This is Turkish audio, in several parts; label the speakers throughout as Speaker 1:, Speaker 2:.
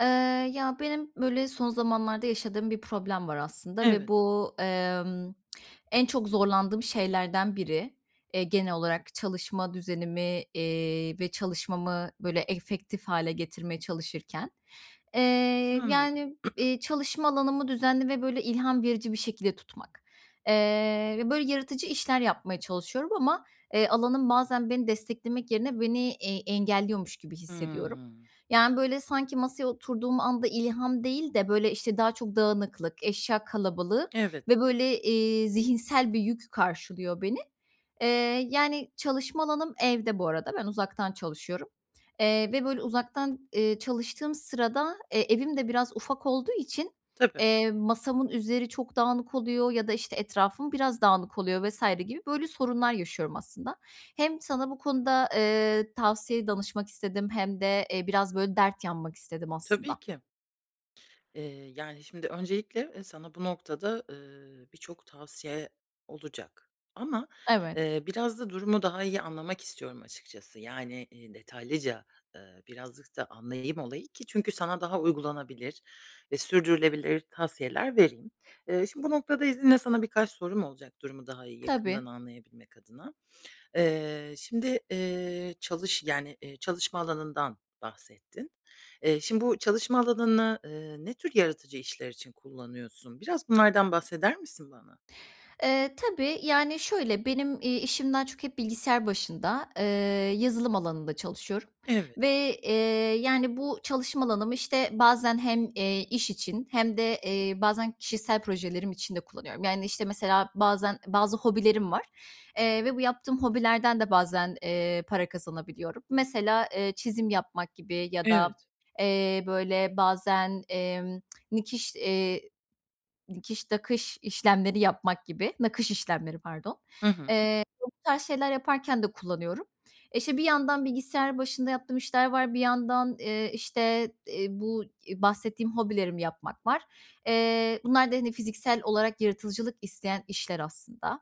Speaker 1: Eee, ya, benim, böyle, son zamanlarda yaşadığım bir problem var, aslında, ve
Speaker 2: Evet.
Speaker 1: bu, emm, en çok zorlandığım şeylerden biri, eee, genel olarak çalışma düzenimi, eee, ve çalışmamı, böyle, efektif hâle getirmeye çalışırken. Eee,
Speaker 2: Anladım.
Speaker 1: yani, iii, çalışma alanımı düzenli ve, böyle, ilham verici bir şekilde tutmak. Eee, ve, böyle, yaratıcı işler yapmaya çalışıyorum ama, eee, alanım bazen beni desteklemek yerine beni, eee, engelliyormuş gibi hissediyorum.
Speaker 2: Hımm.
Speaker 1: Yani, böyle, sanki masaya oturduğum anda ilham değil de, böyle, işte, daha çok dağınıklık, eşya kalabalığı
Speaker 2: Evet.
Speaker 1: ve, böyle, eee, zihinsel bir yük karşılıyor beni. Eee, yani, çalışma alanım evde bu arada, ben uzaktan çalışıyorum. Eee, ve, böyle, uzaktan, eee, çalıştığım sırada, eee, evim de biraz ufak olduğu için,
Speaker 2: Tabii.
Speaker 1: eee, masamın üzeri çok dağınık oluyor ya da, işte, etrafım biraz dağınık oluyor vs. gibi, böyle, sorunlar yaşıyorum, aslında. Hem sana bu konuda, eee, tavsiye danışmak istedim hem de, eee, biraz, böyle, dert yanmak istedim,
Speaker 2: Tabii
Speaker 1: aslında.
Speaker 2: ki. Eee, yani, şimdi öncelikle, eee, sana bu noktada, ııı, birçok tavsiye olacak. Ama,
Speaker 1: Evet.
Speaker 2: eee, biraz da durumu daha iyi anlamak istiyorum açıkçası. Yani, iii, detaylıca, ııı, birazcık da anlayayım olayı ki çünkü sana daha uygulanabilir ve sürdürülebilir tavsiyeler vereyim. Eee, şimdi, bu noktada izninle sana birkaç sorum olacak durumu daha iyi
Speaker 1: Tabii.
Speaker 2: yakından anlayabilmek adına. Eee, şimdi, eee, çalış yani, eee, çalışma alanından bahsettin. Eee, şimdi, bu çalışma alanını, eee, ne tür yaratıcı işler için kullanıyorsun? Biraz bunlardan bahseder misin bana?
Speaker 1: Eee, tabii. Yani, şöyle, benim, iii, işim daha çok hep bilgisayar başında, eee, yazılım alanında çalışıyorum
Speaker 2: Evet.
Speaker 1: ve, eee, yani, bu çalışma alanımı, işte, bazen hem, eee, iş için hem de, eee, bazen kişisel projelerim için de kullanıyorum. Yani, işte, mesela, bazen bazı hobilerim var, eee, ve bu yaptığım hobilerden de bazen, eee, para kazanabiliyorum. Mesela, eee, çizim yapmak gibi ya da,
Speaker 2: Evet.
Speaker 1: eee, böyle, bazen, emm, nikiş eee, dikiş, nakış işlemleri yapmak gibi, nakış işlemleri pardon,
Speaker 2: Hı hı.
Speaker 1: eee, [unintelligible] tarz şeyler yaparken de kullanıyorum. İşte, bir yandan bilgisayar başında yaptığım işler var. Bir yandan, eee, işte, eee, bu, iii, bahsettiğim hobilerimi yapmak var. Eee, bunlar da, hani, fiziksel olarak yaratıcılık isteyen işler, aslında.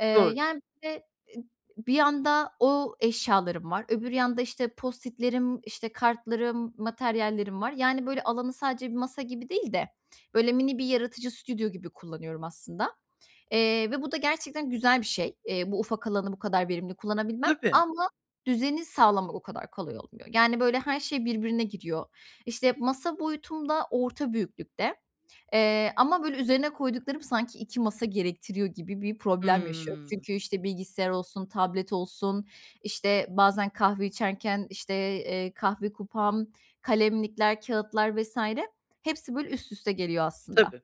Speaker 1: Eee,
Speaker 2: Doğru.
Speaker 1: yani, bir de e bir yanda o eşyalarım var, öbür yanda, işte, Post-it'lerim, işte, kartlarım, materyallerim var. Yani, böyle, alanı sadece bir masa gibi değil de, böyle, mini bir yaratıcı stüdyo gibi kullanıyorum, aslında, eee, ve bu da gerçekten güzel bir şey. Eee, bu ufak alanı bu kadar verimli kullanabilmem
Speaker 2: Tabii.
Speaker 1: ama düzeni sağlamak o kadar kolay olmuyor. Yani, böyle, her şey birbirine giriyor. İşte, masa boyutum da orta büyüklükte, eee, ama, böyle, üzerine koyduklarım sanki 2 masa gerektiriyor gibi bir problem yaşıyorum.
Speaker 2: Hımm.
Speaker 1: Çünkü, işte, bilgisayar olsun, tablet olsun, işte, bazen kahve içerken, işte, eee, kahve kupam, kalemlikler, kâğıtlar vs. hepsi, böyle, üst üste geliyor, aslında.
Speaker 2: Tabii.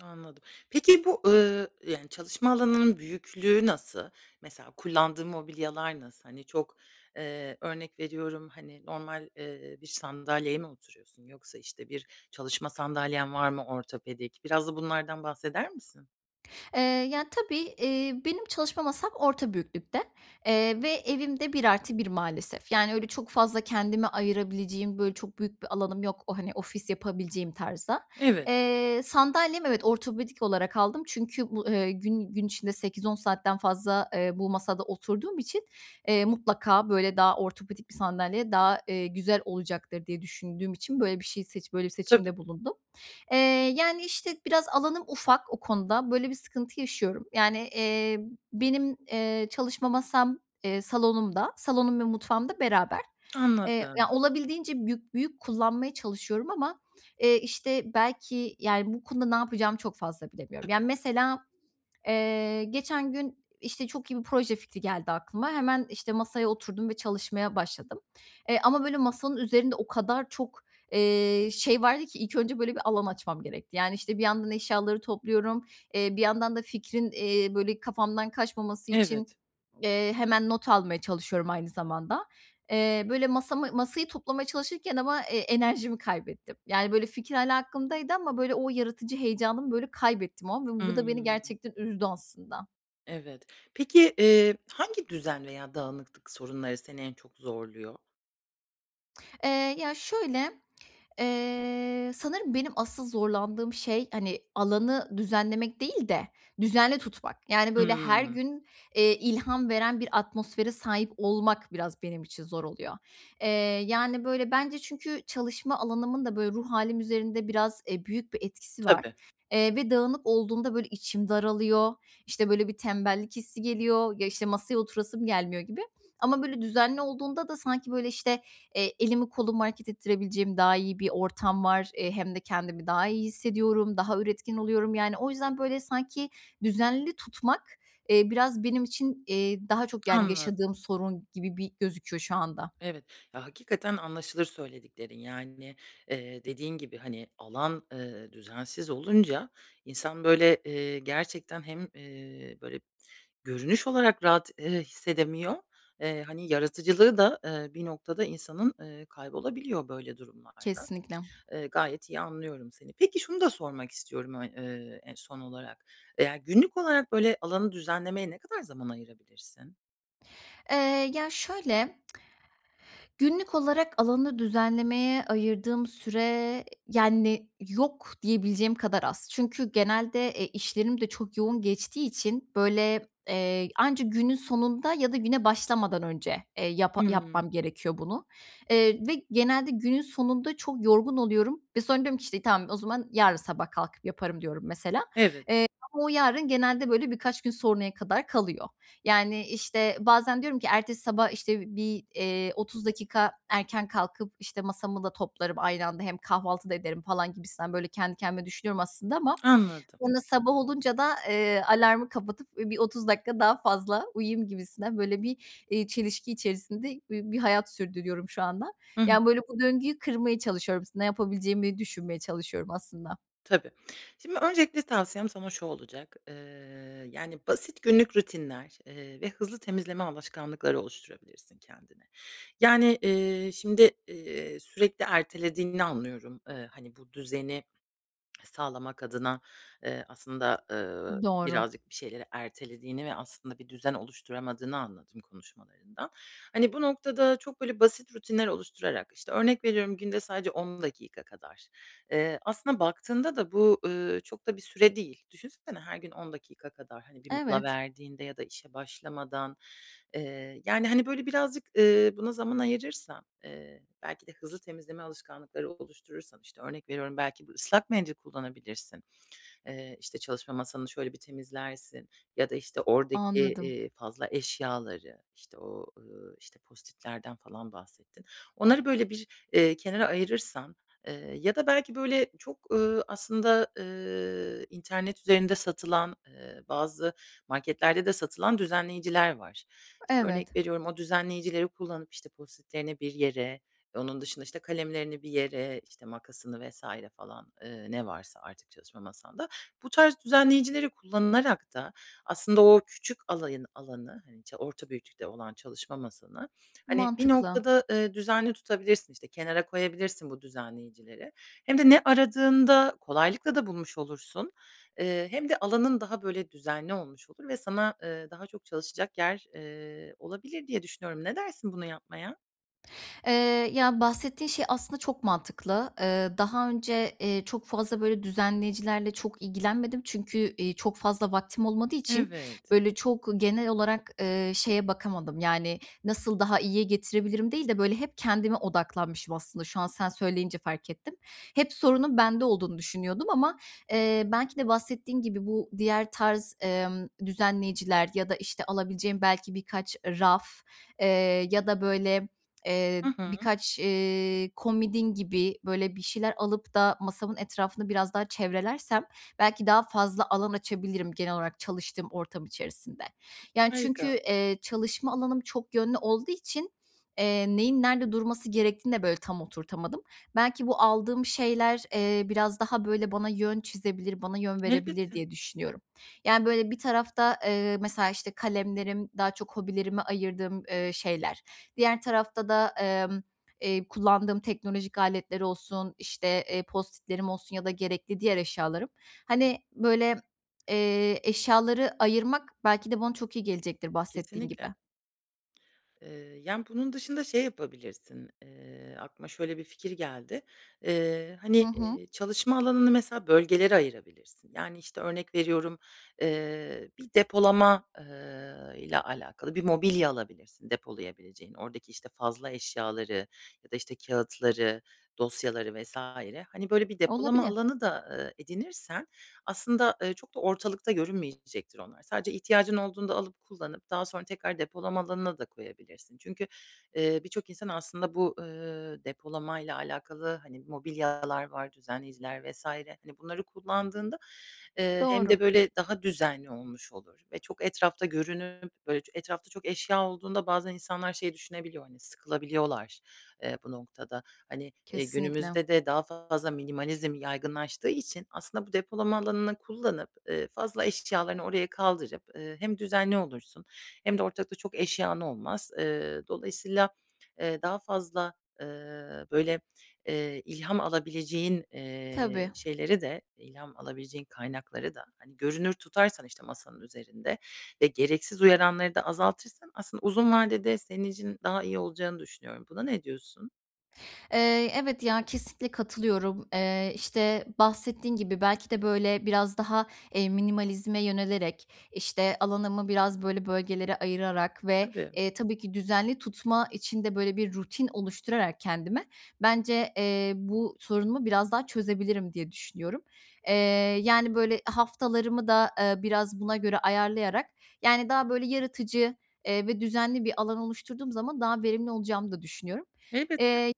Speaker 2: Anladım. Peki, bu, ııı, yani, çalışma alanının büyüklüğü nasıl? Mesela, kullandığın mobilyalar nasıl? Hani, çok eee, örnek veriyorum, hani, normal, eee, bir sandalyeye mi oturuyorsun yoksa, işte, bir çalışma sandalyen var mı ortopedik? Biraz da bunlardan bahseder misin?
Speaker 1: Eee, ya, tabii, iii, benim çalışma masam orta büyüklükte. Eee, ve evim de 1+1 maalesef. Yani, öyle, çok fazla kendime ayırabileceğim, böyle, çok büyük bir alanım yok o, hani, ofis yapabileceğim tarzda.
Speaker 2: Evet.
Speaker 1: Eee, sandalyem, evet, ortopedik olarak aldım. Çünkü bu, eee, gün gün içinde 8-10 saatten fazla, eee, bu masada oturduğum için, eee, mutlaka, böyle, daha ortopedik bir sandalye daha, eee, güzel olacaktır diye düşündüğüm için, böyle, bir şey seç böyle bir
Speaker 2: Tabii.
Speaker 1: seçimde bulundum. Eee, yani, işte, biraz alanım ufak o konuda. Böyle bir sıkıntı yaşıyorum. Yani, iii, benim, eee, çalışma masam, eee, salonumda. Salonum ve mutfağım da beraber, eee, ya,
Speaker 2: Anladım.
Speaker 1: olabildiğince büyük büyük kullanmaya çalışıyorum ama, eee, işte, belki, yani, bu konuda ne yapacağımı çok fazla bilemiyorum.
Speaker 2: Tabii.
Speaker 1: Yani, mesela, eee, geçen gün, işte, çok iyi bir proje fikri geldi aklıma. Hemen, işte, masaya oturdum ve çalışmaya başladım. Eee, ama, böyle, masanın üzerinde o kadar çok, eee, şey vardı ki ilk önce, böyle, bir alan açmam gerekti. Yani, işte, bir yandan eşyaları topluyorum. Eee, bir yandan da fikrin, eee, böyle, kafamdan kaçmaması için,
Speaker 2: Evet.
Speaker 1: eee, hemen not almaya çalışıyorum aynı zamanda. Eee, böyle, masamı masayı toplamaya çalışırken ama, eee, enerjimi kaybettim. Yani, böyle, fikir hâlâ aklımdaydı ama, böyle, o yaratıcı heyecanımı, böyle, kaybettim o an ve bu da beni
Speaker 2: Hımm.
Speaker 1: gerçekten üzdü aslında.
Speaker 2: Evet. Peki, eee, hangi düzen veya dağınıklık sorunları seni en çok zorluyor?
Speaker 1: Eee, ya şöyle, eee, sanırım benim asıl zorlandığım şey, hani, alanı düzenlemek değil de düzenli tutmak. Yani, böyle her
Speaker 2: Hıı.
Speaker 1: gün, eee, ilham veren bir atmosfere sahip olmak biraz benim için zor oluyor. Eee, yani, böyle bence çünkü çalışma alanımın da böyle ruh hâlim üzerinde biraz, eee, büyük bir etkisi var.
Speaker 2: Tabii.
Speaker 1: Eee, ve dağınık olduğunda böyle içim daralıyor, işte, böyle bir tembellik hissi geliyor, ya, işte, masaya oturasım gelmiyor gibi. Ama böyle düzenli olduğunda da sanki böyle, işte, eee, elimi kolumu hareket ettirebileceğim daha iyi bir ortam var. Eee, hem de kendimi daha iyi hissediyorum, daha üretken oluyorum. Yani, o yüzden böyle sanki düzenli tutmak, eee, biraz benim için, eee, daha çok, yani,
Speaker 2: Anladım.
Speaker 1: yaşadığım sorun gibi bir gözüküyor şu anda.
Speaker 2: Evet. Ya, hakikaten anlaşılır söylediklerin, yani, eee, dediğin gibi, hani, alan, eee, düzensiz olunca, insan böyle, eee, gerçekten hem, eee, böyle görünüş olarak rahat, eee, hissedemiyor, eee, hani, yaratıcılığı da, ııı, bir noktada insanın, ııı, kaybolabiliyor böyle durumlarda.
Speaker 1: Kesinlikle.
Speaker 2: Iıı, gayet iyi anlıyorum seni. Peki, şunu da sormak istiyorum ö ııı, eee, son olarak. Ya, günlük olarak, böyle, alanı düzenlemeye ne kadar zaman ayırabilirsin?
Speaker 1: Eee, ya şöyle günlük olarak alanı düzenlemeye ayırdığım süre, yani, yok diyebileceğim kadar az. Çünkü genelde, e, işlerim de çok yoğun geçtiği için böyle, eee, anca günün sonunda ya da güne başlamadan önce, eee, yapa
Speaker 2: Hıı.
Speaker 1: yapmam gerekiyor bunu. Eee, ve genelde günün sonunda çok yorgun oluyorum ve sonra diyorum ki, işte, tamam o zaman yarın sabah kalkıp yaparım diyorum mesela.
Speaker 2: Evet.
Speaker 1: Eee, ama o yarın genelde böyle birkaç gün sonraya kadar kalıyor. Yani, işte, bazen diyorum ki ertesi sabah, işte, bir, eee, 30 dakika erken kalkıp, işte, masamı da toplarım aynı anda hem kahvaltı da ederim falan gibisinden böyle kendi kendime düşünüyorum aslında ama
Speaker 2: Anladım.
Speaker 1: sonra sabah olunca da, eee, alarmı kapatıp, ııı, bir 30 dakika daha fazla uyuyayım gibisinden böyle bir, iii, çelişki içerisinde bir bir hayat sürdürüyorum şu anda.
Speaker 2: Hı hı.
Speaker 1: Yani, böyle bu döngüyü kırmaya çalışıyorum. S ne yapabileceğimi düşünmeye çalışıyorum aslında.
Speaker 2: Tabii. Şimdi öncelikle tavsiyem sana şu olacak. Iıı, yani, basit günlük rutinler, eee, ve hızlı temizleme alışkanlıkları oluşturabilirsin kendine. Yani, eee, şimdi, eee, sürekli ertelediğini anlıyorum, ııı, hani, bu düzeni sağlamak adına, eee, aslında, ııı,
Speaker 1: Doğru.
Speaker 2: birazcık bir şeyleri ertelediğini ve aslında bir düzen oluşturamadığını anladım konuşmalarından. Hani, bu noktada çok böyle basit rutinler oluşturarak, işte, örnek veriyorum günde sadece 10 dakika kadar, eee, aslında baktığında da bu, ııı, çok da bir süre değil. Düşünsene her gün 10 dakika kadar, hani, bir mola
Speaker 1: Evet.
Speaker 2: verdiğinde ya da işe başlamadan, eee, yani, hani, böyle birazcık, ııı, buna zaman ayırırsan, eee, belki de hızlı temizleme alışkanlıkları oluşturursan, işte, örnek veriyorum, belki bir ıslak mendil kullanabilirsin. Eee, işte, çalışma masanı şöyle bir temizlersin ya da, işte, oradaki,
Speaker 1: Anladım.
Speaker 2: eee, fazla eşyaları, işte, o, ııı, işte, Post-it'lerden falan bahsettin. Onları böyle bir, eee, kenara ayırırsan, eee, ya da belki böyle çok, ııı, aslında, ııı, internet üzerinde satılan, ııı, bazı marketlerde de satılan düzenleyiciler var. İşte,
Speaker 1: Evet.
Speaker 2: örnek veriyorum o düzenleyicileri kullanıp, işte, Post-it'lerini bir yere onun dışında, işte, kalemlerini bir yere, işte, makasını vs. falan, ııı, ne varsa artık çalışma masanda. Bu tarz düzenleyicileri kullanarak da aslında o küçük alayın alanı, hani, ça orta büyüklükte olan çalışma masanı, hani, bir
Speaker 1: Mantıklı.
Speaker 2: noktada, ııı, düzenli tutabilirsin. İşte, kenara koyabilirsin bu düzenleyicileri. Hem de ne aradığında kolaylıkla da bulmuş olursun. Eee, hem de alanın daha böyle düzenli olmuş olur ve sana, ııı, daha çok çalışacak yer, eee, olabilir diye düşünüyorum. Ne dersin bunu yapmaya?
Speaker 1: Eee, ya, bahsettiğin şey aslında çok mantıklı. Eee, daha önce, eee, çok fazla böyle düzenleyicilerle çok ilgilenmedim çünkü, iii, çok fazla vaktim olmadığı için
Speaker 2: Evet.
Speaker 1: böyle çok genel olarak, ııı, şeye bakamadım. Yani, nasıl daha iyiye getirebilirim değil de böyle hep kendime odaklanmışım aslında şu an sen söyleyince fark ettim. Hep sorunun bende olduğunu düşünüyordum ama, eee, belki de bahsettiğin gibi bu diğer tarz, emm, düzenleyiciler ya da, işte, alabileceğim belki birkaç raf, eee, ya da böyle eee,
Speaker 2: Hı hı.
Speaker 1: birkaç, eee, komodin gibi böyle bir şeyler alıp da masamın etrafını biraz daha çevrelersem belki daha fazla alan açabilirim genel olarak çalıştığım ortam içerisinde. Yani, çünkü,
Speaker 2: Harika.
Speaker 1: eee, çalışma alanım çok yönlü olduğu için, eee, neyin nerede durması gerektiğini de böyle tam oturtamadım. Belki bu aldığım şeyler, eee, biraz daha böyle bana yön çizebilir, bana yön verebilir
Speaker 2: Elbette.
Speaker 1: diye düşünüyorum. Yani böyle bir tarafta, eee, mesela işte kalemlerim, daha çok hobilerime ayırdığım, eee, şeyler, diğer tarafta da, emm, eee, kullandığım teknolojik aletleri olsun, işte, eee, post-it'lerim olsun ya da gerekli diğer eşyalarım, hani böyle eee, eşyaları ayırmak belki de bana çok iyi gelecektir bahsettiğin
Speaker 2: Kesinlikle.
Speaker 1: gibi.
Speaker 2: Eee, yani, bunun dışında şey yapabilirsin, eee, aklıma şöyle bir fikir geldi. Eee,
Speaker 1: Hı
Speaker 2: hani,
Speaker 1: hı.
Speaker 2: eee, çalışma alanını mesela bölgelere ayırabilirsin. Yani, işte, örnek veriyorum, eee, bir depolama, eee, ile alakalı bir mobilya alabilirsin depolayabileceğin. Oradaki, işte, fazla eşyaları ya da, işte, kâğıtları, dosyaları vs. hani, böyle bir depolama
Speaker 1: Olabilir.
Speaker 2: alanı da, eee, edinirsen aslında, eee, çok da ortalıkta görünmeyecektir onlar. Sadece ihtiyacın olduğunda alıp, kullanıp daha sonra tekrar depolama alanına da koyabilirsin. Çünkü, eee, birçok insan aslında bu, ııı, depolamayla alakalı, hani, mobilyalar var, düzenleyiciler vs. hani, bunları kullandığında, eee, hem
Speaker 1: Doğru.
Speaker 2: de böyle daha düzenli olmuş olur ve çok etrafta görünüp böyle etrafta çok eşya olduğunda bazen insanlar şey düşünebiliyor, hani, sıkılabiliyorlar, eee, bu noktada. Hani, iii,
Speaker 1: Kesinlikle.
Speaker 2: günümüzde de daha fazla minimalizm yaygınlaştığı için aslında bu depolama alanını kullanıp, ııı, fazla eşyalarını oraya kaldırıp, ııı, hem düzenli olursun hem de ortalıkta çok eşyan olmaz. Iıı, dolayısıyla, eee, daha fazla, ııı, böyle, eee, ilham alabileceğin,
Speaker 1: Tabii.
Speaker 2: eee, şeyleri de, ilham alabileceğin kaynakları da, hani, görünür tutarsan, işte, masanın üzerinde ve gereksiz uyaranları da azaltırsan aslında uzun vadede senin için daha iyi olacağını düşünüyorum. Buna ne diyorsun?
Speaker 1: Eee, evet, ya, kesinlikle katılıyorum. Eee, işte, bahsettiğin gibi belki de böyle biraz daha, eee, minimalizme yönelerek, işte, alanımı biraz böyle bölgelere ayırarak ve,
Speaker 2: Tabii.
Speaker 1: eee, tabii ki düzenli tutma için de böyle bir rutin oluşturarak kendime bence, eee, bu sorunumu biraz daha çözebilirim diye düşünüyorum. Eee, yani, böyle haftalarımı da, ııı, biraz buna göre ayarlayarak, yani, daha böyle yaratıcı, eee, ve düzenli bir alan oluşturduğum zaman daha verimli olacağımı da düşünüyorum.
Speaker 2: Elbette.
Speaker 1: Eee,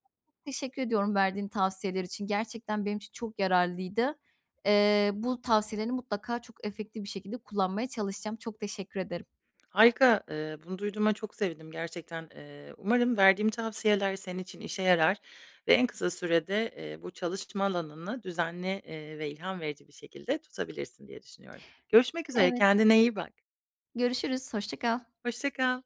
Speaker 1: teşekkür ediyorum verdiğin tavsiyeler için. Gerçekten benim için çok yararlıydı. Eee, bu tavsiyelerini mutlaka çok efektif bir şekilde kullanmaya çalışacağım. Çok teşekkür ederim.
Speaker 2: Harika, eee, bunu duyduğuma çok sevindim gerçekten. Eee, umarım verdiğim tavsiyeler senin için işe yarar ve en kısa sürede, eee, bu çalışma alanını düzenli, eee, ve ilham verici bir şekilde tutabilirsin diye düşünüyorum. Görüşmek üzere,
Speaker 1: Evet.
Speaker 2: kendine iyi bak.
Speaker 1: Görüşürüz, hoşça kal.
Speaker 2: Hoşça kal.